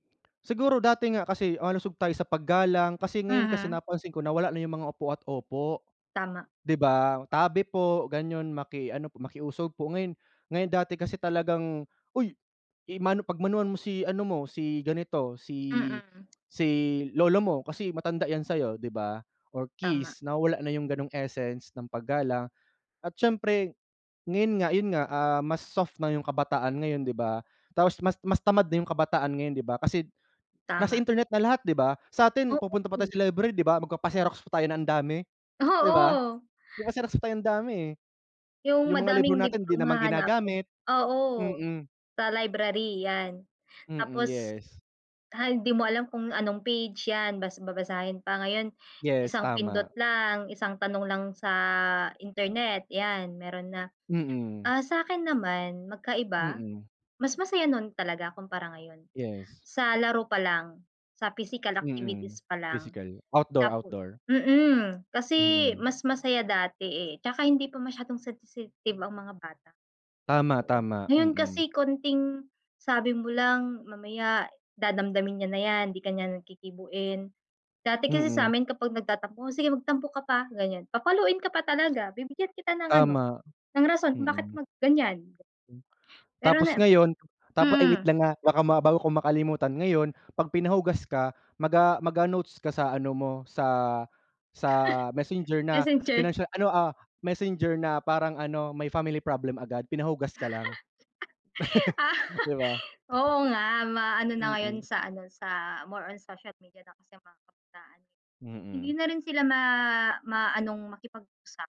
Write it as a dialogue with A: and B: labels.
A: Siguro dati nga kasi malusog tayo sa paggalang, kasi ngayon kasi,
B: Mhm.
A: napansin ko na wala na 'yong mga opo at opo.
B: Tama.
A: 'Di ba, tabi po, ganyon, maki ano po, makiusog po, ngayon, ngayon dati kasi talagang, "Uy i-mano pagmanuhan mo si ano mo, si ganito, si,
B: Mm.
A: si lolo mo kasi matanda 'yan sa'yo." 'Di ba, or
B: Tama.
A: kiss. Nawawala na 'yong gano'ng essence ng paggalang at siyempre, ngayon nga, 'yon nga, ah, mas soft na 'yong kabataan ngayon, 'di ba. Tapos, mas mas tamad na 'yong kabataan ngayon, 'di ba, kasi kasi,
B: Tama.
A: internet na lahat, 'di ba, sa'tin pupunta pa tayo
B: Oo.
A: sa library, 'di ba. Magpapa-xerox pa tayo na ang dami, 'di ba,
B: Oo.
A: magpa-xerox pa tayo ang dami, eh.
B: 'Yong
A: 'Yong mga libro
B: madaming
A: natin 'di
B: librong
A: naman
B: hahanapin,
A: ginagamit.
B: oo,
A: Mm.
B: sa library 'yan.
A: Mm,
B: Tapos,
A: yes.
B: han hindi mo alam kung anong page 'yan bas babasahin pa, ngayon
A: Yes,
B: isang pindot
A: tama.
B: lang, isang tanong lang sa internet 'yan, meron na.
A: Mm.
B: Ah, sa'kin naman magkaiba,
A: Mm.
B: mas masaya no'n talaga kumpara ngayon,
A: Yes.
B: sa laro pa lang, sa physical
A: Mm,
B: activities pa lang.
A: physical. Outdoor,
B: Tapo
A: outdoor.
B: mm, kasi
A: Mm.
B: mas masaya dati, eh, 'tsaka hindi pa masyadong sensitive ang mga bata
A: Tama,
B: noon.
A: tama.
B: Ngayon
A: Mm.
B: kasi konting, sabi mo lang, mamaya dadamdamin niya na 'yan, hindi ka niyan kikibuin. Dati kasi
A: Mm.
B: samin kapag nagtatampo, "O sige, magtampo ka pa," ganiyan. Papaluin ka pa talaga, bibigyan kita ng ano,
A: Tama,
B: ng rason kung bakit
A: mm.
B: mag-ganiyan.
A: M
B: Pero
A: Tapos
B: na
A: ngayon, tapo ay wait
B: mm.
A: lang, ah, baka ma bago ko makalimutan, ngayon pag pinahugas ka, Maga maga-notes ka sa ano mo, sa sa Messenger na
B: Messenger.
A: financial ano, ah, Messenger na parang ano, may family problem agad, pinahugas ka lang.
B: Ah,
A: 'Di ba?
B: oo nga, maano na ngayon
A: Mm.
B: sa ano sa, more on social media na kasi mga kabataan, eh. Hindi
A: Mm.
B: na rin sila ma maanong makipag-usap.